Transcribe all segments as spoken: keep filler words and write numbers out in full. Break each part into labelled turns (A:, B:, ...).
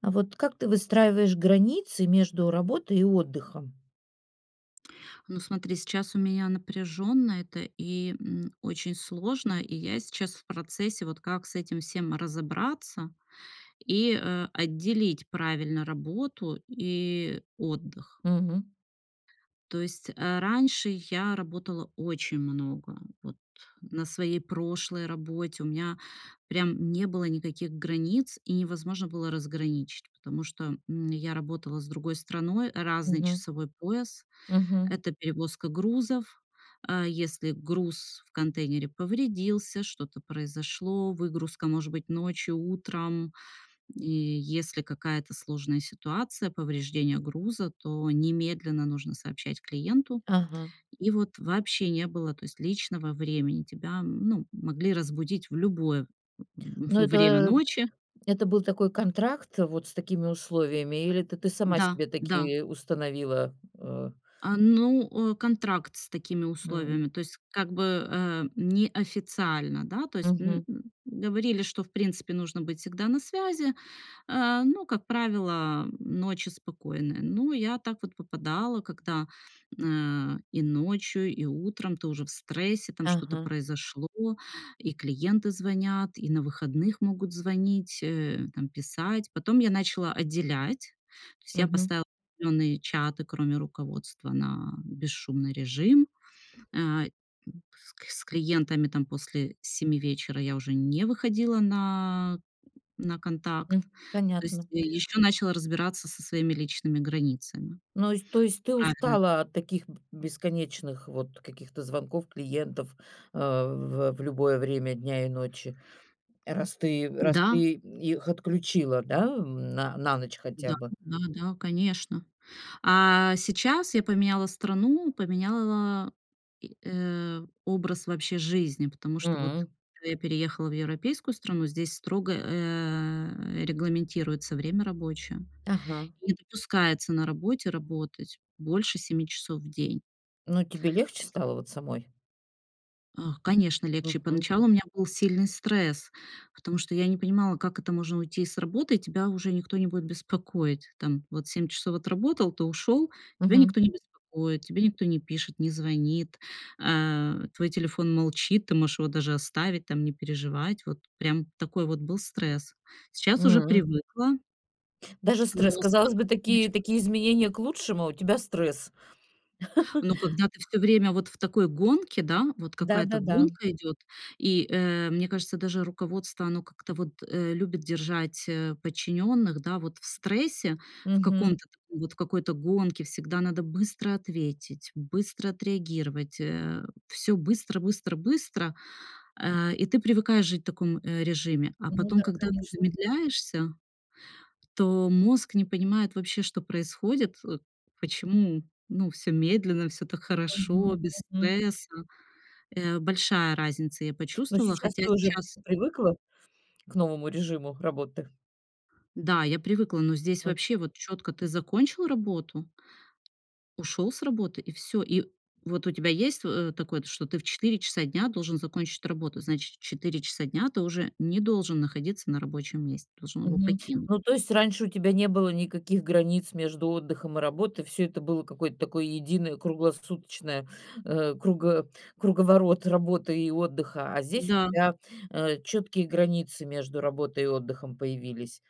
A: А вот как ты выстраиваешь границы между работой и отдыхом?
B: Ну, смотри, сейчас у меня напряженно это, и, м, очень сложно, и я сейчас в процессе, вот как с этим всем разобраться, и, э, отделить правильно работу и отдых.
A: Мгм.
B: То есть, э, раньше я работала очень много, вот на своей прошлой работе. У меня прям не было никаких границ, и невозможно было разграничить, потому что, м, я работала с другой страной, разный
A: Мгм.
B: часовой пояс,
A: Мгм.
B: это перевозка грузов. А, если груз в контейнере повредился, что-то произошло, выгрузка может быть ночью, утром, и если какая-то сложная ситуация, повреждение груза, то немедленно нужно сообщать клиенту.
A: Ага.
B: И вот вообще не было, то есть, личного времени. Тебя, ну, могли разбудить в любое
A: Ну,
B: в время
A: это
B: ночи.
A: это был такой контракт вот с такими условиями? Или ты ты сама
B: Да,
A: себе
B: да.
A: таки установила? Э
B: А, ну, контракт с такими
A: М.
B: условиями, то есть, как бы, э, неофициально, да, то есть, м,
A: Мгм.
B: говорили, что, в принципе, нужно быть всегда на связи, э, но, как правило, ночи спокойные. Ну, я так вот попадала, когда, эм, и ночью, и утром ты уже в стрессе, там что-то
A: Ага.
B: произошло, и клиенты звонят, и на выходных могут звонить, э, там писать. Потом я начала отделять. То есть я
A: Мгм.
B: поставила определённые чаты, кроме руководства, на бесшумный режим. А, с с клиентами там после семи вечера я уже не выходила на на контакт.
A: Хм,
B: То есть
A: понятно.
B: ещё начала разбираться со своими личными границами.
A: Ну, эс, то есть ты
B: Правильно.
A: устала от таких б бесконечных, вот каких-то звонков клиентов, э, в в любое время дня и ночи, раз ты раз
B: Да.
A: ты их отключила, да, на на ночь хотя бы?
B: Да-да-да, конечно. А, сейчас я поменяла страну, поменяла, и, э, образ вообще жизни, потому что, вот
A: М.
B: когда я переехала в европейскую страну, здесь строго, э, регламентируется время рабочее,
A: Ага.
B: не допускается на работе работать больше семи часов в день.
A: Ну, тебе легче
B: Это
A: стало вот самой?
B: Ах, конечно, легче.
A: Мгм.
B: Поначалу у меня был сильный стресс, потому что я не понимала, как это можно уйти с работы, и тебя уже никто не будет беспокоить. Там вот семь часов отработал, ты ушёл, тебя
A: Мгм.
B: никто не беспокоит, тебе никто не пишет, не звонит, а, твой телефон молчит, ты можешь его даже оставить, там не переживать, вот прям такой вот был стресс. Сейчас уже
A: М.
B: привыкла.
A: Даже стресс,
B: Мозг
A: казалось бы,
B: по-другому
A: такие
B: начал
A: такие изменения к лучшему, а у тебя стресс.
B: Но когда ты всё время вот в такой гонке, да, вот
A: Да,
B: какая-то
A: да, да.
B: гонка идет, и, э, мне кажется, даже руководство, оно как-то вот, э, любит держать, э, подчиненных. Да, вот в стрессе, в
A: Мгм.
B: каком-то таком вот, в какой-то гонке всегда надо быстро ответить, быстро отреагировать, э. Всё быстро, быстро, быстро, а, и ты привыкаешь жить в таком, э, режиме. А
A: Ну
B: потом,
A: да,
B: когда ты
A: конечно.
B: замедляешься, то мозг не понимает вообще, что происходит, э, почему, ну, всё медленно, всё так
A: Мгм,
B: хорошо, без
A: мгм.
B: стресса. Э, большая разница, я
A: Ну,
B: почувствовала,
A: сейчас
B: хотя
A: ты уже
B: сейчас
A: привыкла к новому режиму работы?
B: Да, я привыкла, но здесь
A: М.
B: вообще вот четко ты закончил работу, ушел с работы, и всё. И вот у тебя есть, э, во такое, что ты в четыре часа дня должен закончить работу, значит, в четыре часа дня ты уже не должен находиться на рабочем месте, должен его
A: Мгм,
B: покинуть.
A: ну, то есть раньше у тебя не было никаких границ между отдыхом и работой, всё это было какой-то такой единый круглосуточная, э, круго круговорот работы и отдыха. А здесь у
B: Да.
A: тебя, э, чёткие границы между работой и отдыхом появились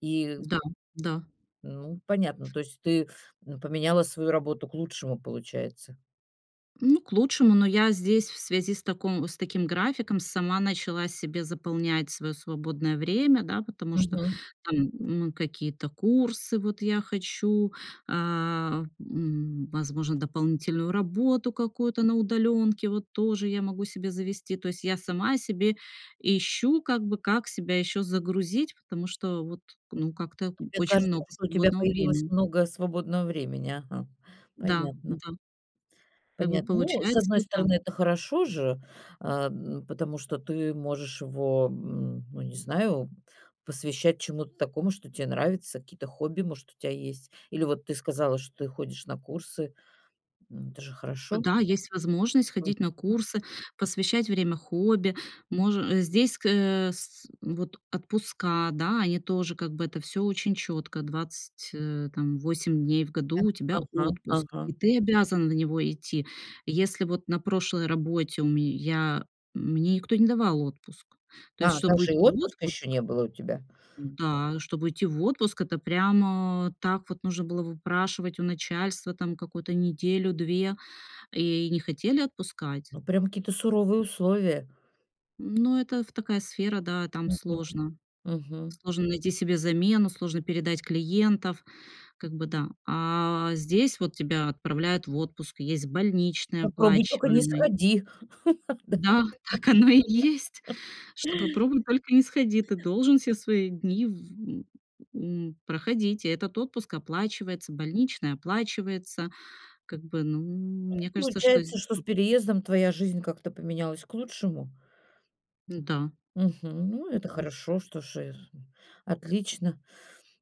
A: и
B: Да, да.
A: Ну, понятно, то есть ты, м, поменяла свою работу к лучшему, получается.
B: Ну, к лучшему, но я здесь в связи с таком с таким графиком сама начала себе заполнять своё свободное время, да, потому что
A: Мгм.
B: там, ну, какие-то курсы вот я хочу, а, м, возможно, дополнительную работу какую-то на удалёнке, вот тоже я могу себе завести. То есть я сама себе ищу, как бы, как себя ещё загрузить, потому что вот, ну, как-то н
A: EТебе
B: очень
A: кажется,
B: много
A: что у тебя
B: свободного
A: появилось
B: времени.
A: много свободного времени, ага.
B: Да.
A: Понятно.
B: Да. Как бы
A: Понятно. Ну, с
B: получается
A: одной
B: вот так.
A: стороны, это хорошо же, а, м, потому что ты можешь его, м, ну, не знаю, посвящать чему-то такому, что те нравится, какие-то хобби, может, у тя есть. Или вот ты сказала, что ты ходишь на курсы. М, это же хорошо.
B: Да, есть возможность ходить на
A: Мгм.
B: курсы, посвящать время хобби, може э, здесь, ск э, с с вот отпуска, да, они тоже, как бы, это всё очень чётко: двадцать, э, там, восемь дней в году
A: Да,
B: у тебя
A: ага,
B: отпуск, и
A: ага.
B: ты обязан на него идти. Если вот на прошлой работе у ме я, м, мне никто не давал отпуск, то есть,
A: А
B: чтобы
A: даже
B: уйти
A: и
B: в
A: отпуска
B: отпуск
A: ещё не было у тебя?
B: Да, чтобы уйти в отпуск, это прям, а, так вот нужно было выпрашивать у начальства там какую-то неделю-две и не хотели отпускать.
A: Ну, прям какие-то суровые условия.
B: Ну, это в такая сфера, да, там
A: Мгм,
B: сложно,
A: мгм.
B: сложно найти себе замену, сложно передать клиентов, как бы, да. А, здесь вот тебя отправляют в отпуск, есть больничный
A: Попробуй только не
B: оплачиваемый.
A: сходи. Да.
B: Да, так оно и есть, что попробуй только не сходи, ты должен все свои дни в, м, м, проходить, и этот отпуск оплачивается, больничный оплачивается, как бы, ну,
A: Ну,
B: мне кажется, что з
A: получается, что с переездом твоя жизнь как-то поменялась к лучшему?
B: Да.
A: Мгм, ну, это
B: Мгм.
A: хорошо, что ж, э, отлично.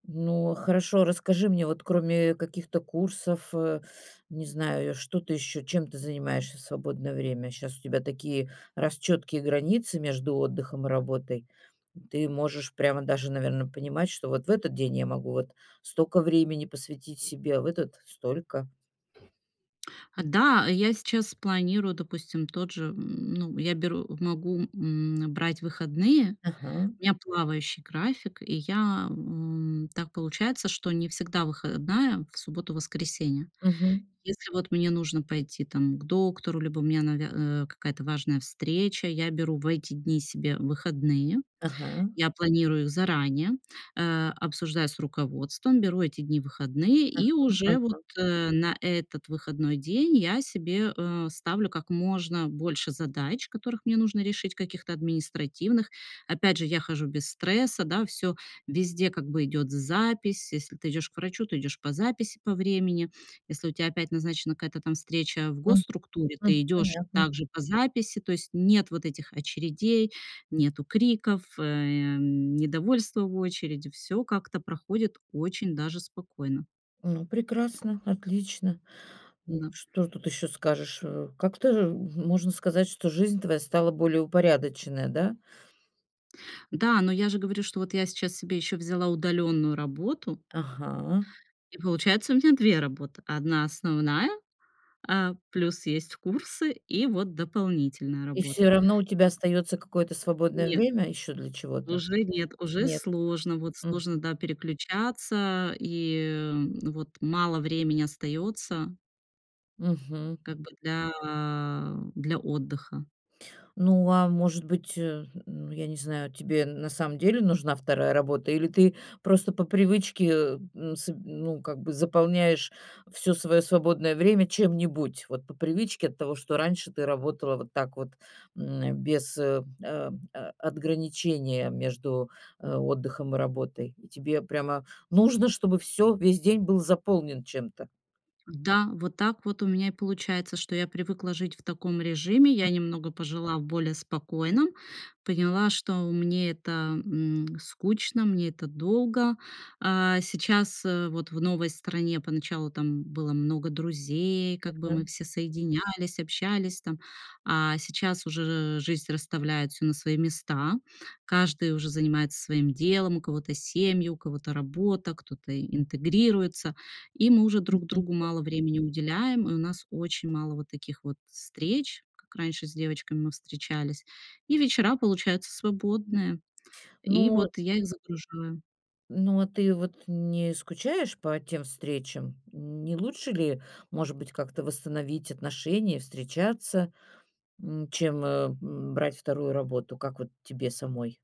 A: Ну, хорошо, расскажи мне, вот кроме каких-то курсов, э, не знаю, что ты ещё чем ты занимаешься в свободное время? Щас у тебя такие, раз, чёткие границы между отдыхом и работой. Ты можешь прямо даже, наверно, понимать, что вот в этот день я могу вот стока времени посвятить себе, а в этот- столько.
B: Да, я сейчас планирую, допустим, тот же, м, ну, я беру, могу, м, э, брать выходные,
A: Ага.
B: у меня плавающий график, и я, м, так получается, что не всегда выходная в субботу, воскресенье.
A: Мгм.
B: Если вот мне нужно пойти там к доктору, либо у меня навя а, какая-то важная встреча, я беру в эти дни себе выходные.
A: Ага.
B: Я планирую заранее, э, обсуждаю с руководством, беру эти дни в выходные,
A: Ага,
B: и уже вот,
A: ага.
B: э, на этот выходной день я себе, э, ставлю как можно больше задач, которых мне нужно решить, каких-то административных. Опять же, я хожу без стресса, да, всё везде как бы идёт з запись. Если ты идёшь к врачу, ты идёшь по записи, по времени. Если у тя опять назначена какая-то там встреча в
A: Мгм.
B: госструктуре, ты
A: Мгм.
B: идёшь
A: Понятно.
B: также по записи, то есть нет вот этих очередей, нету криков, эм, недовольства в очереди, всё как-то проходит очень даже спокойно.
A: Ну, прекрасно, отлично. Ну,
B: Да.
A: что тут еще скажешь, э? Как-то можно сказать, что жизнь твоя стала более упорядочная, да?
B: Да, но я же говорю, что вот я сейчас себе ещё взяла удалённую работу
A: Ага.
B: И получается, у меня две работы: одна основная, а плюс есть курсы, и вот дополнительная
A: И
B: работа,
A: всё равно у тебя
B: и
A: остаётся какое-то свободное
B: Нет,
A: время ещё для чего-то?
B: уже нет, уже
A: Нет.
B: сложно, вот
A: Мгм.
B: сложно, да, переключаться, и, эм, вот мало времени остается
A: Мгм.
B: как бы для для отдыха.
A: Ну, а может быть, э, ну, я не знаю, тебе на самом деле нужна вторая работа или ты просто по привычке, э, н с ну, как бы заполняешь всё своё свободное время чем-нибудь, вот по привычке от того, что раньше ты работала вот так вот, м, без, э, а а отграничения между, э, отдыхом и работой? И тебе прямо нужно, чтобы всё, весь день был заполнен чем-то?
B: Да, вот так вот у меня и получается, что я привыкла жить в таком режиме. Я
A: М.
B: немного пожила в более спокойном, поняла, что мне это, м, скучно, мне это долго. А, сейчас, э, вот в новой стране поначалу там было много друзей, как бы мы
A: Мгм.
B: все соединялись, общались там. А сейчас уже жизнь расставляет всё на свои места: каждый уже занимается своим делом, у кого-то семьи, у кого-то работа, кто-то интегрируется, и мы уже друг
A: Мгм.
B: другу мало времени уделяем, и у нас очень мало вот таких вот встреч, как раньше с девочками мы встречались, и вечера получаются свободные, и
A: Ну.
B: вот я их загружаю.
A: Ну, а ты вот не скучаешь по тем встречам? Не лучше ли, может быть, как-то восстановить отношения и встречаться, м, чем, э, м, брать вторую работу, как вот тебе самой?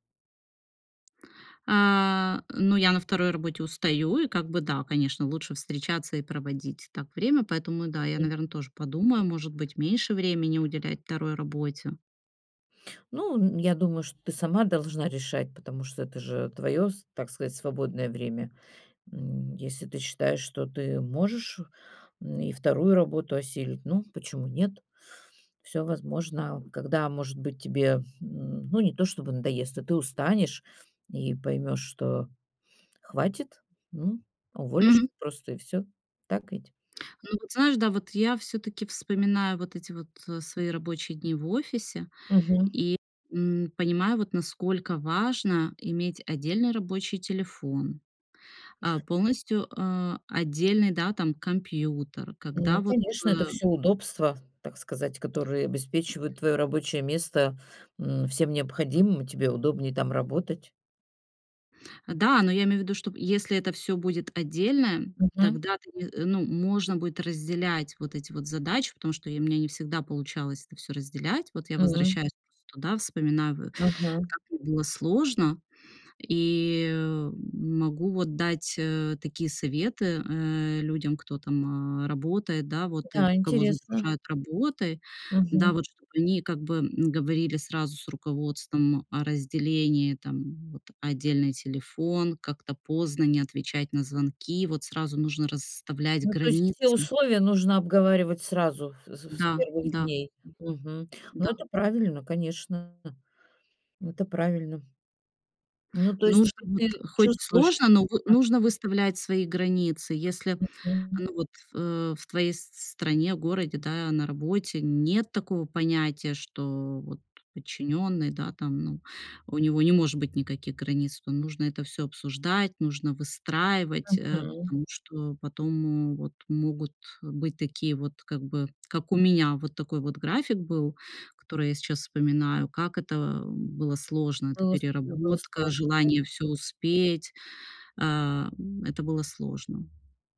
B: А, но я на второй работе устаю, и как бы, да, конечно, лучше встречаться и проводить так время, поэтому, да, я,
A: Мгм.
B: наверно, тоже подумаю, может быть, меньше времени уделять второй работе.
A: Ну, я думаю, что ты сама должна решать, потому что это же твое с так сказать, свободное время. М, если ты считаешь, что ты можешь, м, и вторую работу осилить, ну, почему нет? Всё возможно. Когда, может быть, тебе, м, ну, не то чтобы надоест, а ты устанешь и поймешь, что хватит, ну, уволишься
B: Мгм.
A: просто и всё. Так ведь?
B: Ну, вот знаешь, да, вот я всё-таки вспоминаю вот эти вот, э, свои рабочие дни в офисе
A: Мгм.
B: и, м, понимаю, вот насколько важно иметь отдельный рабочий телефон, а, полностью, а, отдельный, да, там компьютер, когда
A: Ну,
B: вот,
A: конечно, это
B: эм
A: всё удобства, так сказать, которые обеспечивают твоё рабочее место, м, всем необходимым, тебе удобней там работать.
B: Да, но я имею в виду, что если это всё будет отдельное,
A: Мгм.
B: тогда ты не ну, можно будет разделять вот эти вот задачи, потому что я у меня не всегда получалось это всё разделять. Вот я
A: Мгм.
B: возвращаюсь просто туда, вспоминаю, в
A: Ага.
B: как мне было сложно, и могу вот дать, э, такие советы, э, людям, кто там, а, работает, да, вот, и
A: Да,
B: кого
A: интересно.
B: загружают работой, да,
A: Мгм.
B: вот, чтобы они как бы, м, говорили сразу с руководством о разделении там, вот отдельный телефон, как-то поздно не отвечать на звонки, вот сразу нужно расставлять
A: Ну, то есть все
B: границы.
A: условия нужно обговаривать сразу, в с с
B: Да,
A: первых
B: да.
A: дней. Мгм. Ну,
B: Да.
A: это правильно, конечно. Это правильно. Ну, то есть
B: Нужно вот,
A: теперь ты
B: хоть
A: чувствуешь?
B: сложно, но вы
A: А
B: нужно выставлять свои границы. Если,
A: Мгм.
B: ну вот, в э в твоей с стране, городе, да, на работе нет такого понятия, что вот подчинённый, да, там, ну, у него не может быть никаких границ. То нужно это всё обсуждать, нужно выстраивать, э,
A: Мгм.
B: потому что потом вот могут быть такие вот, как бы, как у меня вот такой вот график был, который я сейчас вспоминаю, как это было сложно, это
A: Было с тебе было
B: переработка,
A: сложно,
B: желание всё
A: да? М.
B: успеть. Ам, это было сложно.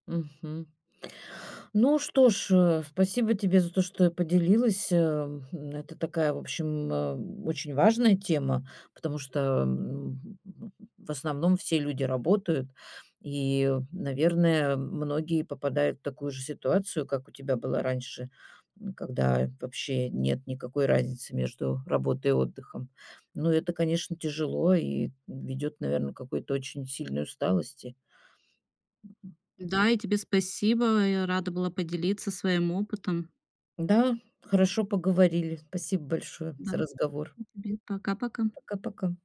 A: Мгм. Ну что ж, э, спасибо тебе за то, что ты поделилась. Эм, это такая, в общем, э, очень важная тема, потому что, м, ну, в основном все люди работают и, наверное, многие попадают в такую же ситуацию, как у тебя была раньше, м, когда вообще нет никакой разницы между работой и отдыхом. Но это, конечно, тяжело и ведет, наверно, к какой-то очень сильной усталости.
B: Да, и тебе спасибо. Я рада была поделиться своим опытом.
A: Да, хорошо поговорили. Спасибо большое
B: Да,
A: за разговор!
B: и тебе. Пока-пока.
A: Пока-пока.